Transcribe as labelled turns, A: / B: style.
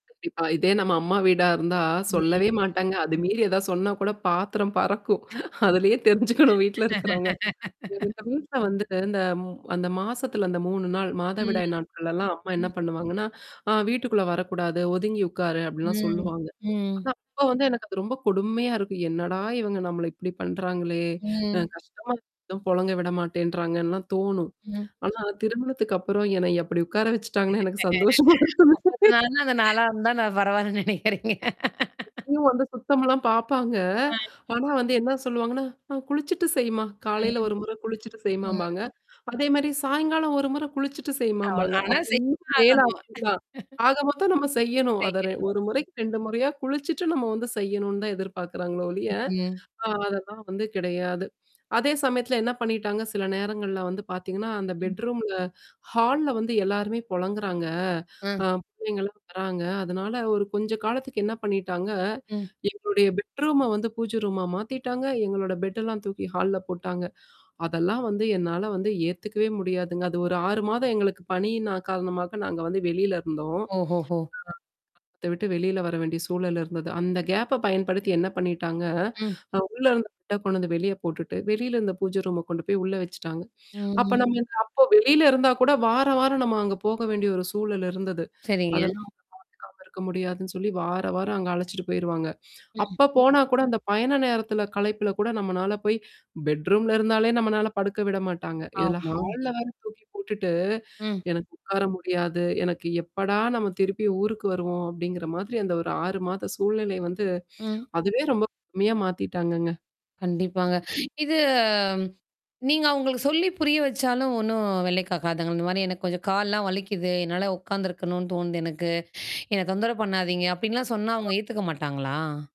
A: கண்டிப்பா. இதே நம்ம அம்மா வீடா இருந்தா சொல்லவே
B: ம்.
A: மாட்டாங்க. அது மீறி ஏதா சொன்னா கூட பாத்தரம் பறக்கும். அதுலயே தெரிஞ்சுக்கணும் வீட்ல இருக்கிறவங்க. எங்க வீட்ல வந்து இந்த ம் அந்த மாசத்துல அந்த 3 நாள்,
B: ம்.
A: மாதவிடாய் நாட்கள்லல்லாம் அம்மா என்ன
B: ம்.
A: பண்ணுவாங்கன்னா, ஆ வீட்டுக்குள்ள வரக்கூடாது, ஒதுங்கி உட்காரு அப்படின்லாம்
B: ம்.
A: சொல்லுவாங்க. ஆனா
B: ம்.
A: அப்ப வந்து எனக்கு அது ரொம்ப கொடுமையா இருக்கும். என்னடா இவங்க நம்மள இப்படி பண்றாங்களே! அ
B: ம்.
A: கஷ்டமா [unintelligible] பொழங்க விட மாட்டேன்றாங்கன்லா தோணும்.
B: ம்.
A: ஆனா திருமணத்துக்கு அப்புறம் என்னை எப்படி உட்கார வச்சுட்டாங்கன்னு எனக்கு சந்தோஷமா இருக்கு.
B: [unintelligible] அந்த நாளா இருந்த நான் பரவாயில்லன்னு நினைக்கிறேங்க.
A: இப்பயும் வந்து சுத்தம்லாம் பார்ப்பாங்க.
B: ஆ.
A: ஆனா வந்து என்ன சொல்லுவாங்கன்னா, அ குளிச்சுட்டு செய்மா காலையில
B: ம்.
A: ஒரு முறை குளிச்சுட்டு செய்மாம்பாங்க.
B: ம்.
A: அதே மாரி சாயங்காலம் ஒரு முறை குளிச்சுட்டு
B: ஆ
A: செய்மாம்பாங்க.
B: ஆனா
A: அப்ப
B: செய்
A: இன்னும் வேல
B: ஆகணும்.
A: அதிகம் தான். ஆக மொத்தம் நம்ம செய்யணும். அத ரெ
B: செய்யணும்.
A: ஒரு முறைக்கு 2 முறையா குளிச்சுட்டு நம்ம வந்து செய்யணும்னு தான் எதிர்பார்க்குறாங்களோ ஒழிய.
B: ம்.
A: அ அதெல்லாம் வந்து கிடையாது. அதே சமயத்துல என்ன பண்ணிட்டாங்க, சில நேரங்கள்ல வந்து பார்த்தீங்கன்னா, அந்த
B: ம்.
A: பெட்ரூம்ல ஹால்ல வந்து எல்லாருமே பொழங்குறாங்க
B: ஆ.
A: அ பிள்ளைங்கலாம் வராங்க. அதனால ஒரு கொஞ்ச காலத்துக்கு என்ன பண்ணிட்டாங்க
B: ம்.
A: எங்களுடைய பெட்ரூம வந்து பூஜ ரூமா மாத்திட்டாங்க. எங்களோட பெட்டெல்லாம் தூக்கி ஹால்ல போட்டாங்க. அதெல்லாம் வந்து என்னால வந்து ஏத்துக்கவே முடியாதுங்க. அது ஒரு 6 மாதம் எங்களுக்கு பணியின் நா காரணமா நாங்க வந்து வெளியில இருந்தோம். ஆ.
B: ஓஹோஹோ!
A: [unintelligible] விட்டு வெளியில வர வேண்டிய சூழல் இருந்தது. அந்த கேப்ப பயன்படுத்தி என்ன பண்ணிட்டாங்க,
B: ம்.
A: அ உள்ள இருந்த பெட்ட கொண்டு வந்து வெளிய போட்டுட்டு வெளியில இருந்த பூஜை ரூம கொண்டு போய் உள்ள வச்சுட்டாங்க. அப்ப
B: ம்.
A: நம்ம அப்ப வெளியில இருந்தா கூட வாரம், வாரம் நம்ம அங்க போக வேண்டிய ஒரு சூழல் இருந்தது.
B: சரிங்க.
A: அதெல்லாம் [unintelligible] க்க முடியாதுன்னு சொல்லி வார, வாரம் அங்க அழைச்சுட்டு போயிருவாங்க.
B: ம்.
A: அப்ப போனா கூட அந்த பயண நேரத்தில கலைப்பில கூட நம்மனால போய் பெட்ரூம்ல இருந்தாலே நம்மனால படுக்க விட மாட்டாங்க. இததுல
B: ஆமா.
A: ஹால்ல வேற தூக்கி போட்டுட்டு,
B: ம்.
A: எனக்கு உட்கார முடியாது. எனக்கு எப்படா நம்ம திருப்பி ஊருக்கு வருவோம் அப்படிங்கிற மாதிரி அந்த ஒரு 6 மாத சூழ்நிலை வந்து
B: ம்.
A: அதுவே ரொம்ப கொடுமையா மாத்திட்டாங்கங்க.
B: கண்டிப்பாங்க. இது. நீங்க அவங்களுக்கு சொல்லி புரிய வச்சாலும் ஒண்ணும் வேலைக் காக்காதுங்கள. இந்த மாரி எனக்கு கொஞ்சம் கால்லாம் வலிக்குது. என்னால உட்காந்துருக்கணும்னு தோணுது எனக்கு. என்ன தொந்தர பண்ணாதீங்க? அப்ப்டின்லாம் சொன்னா அவங்க ஏத்துக்க மாட்டாங்களா?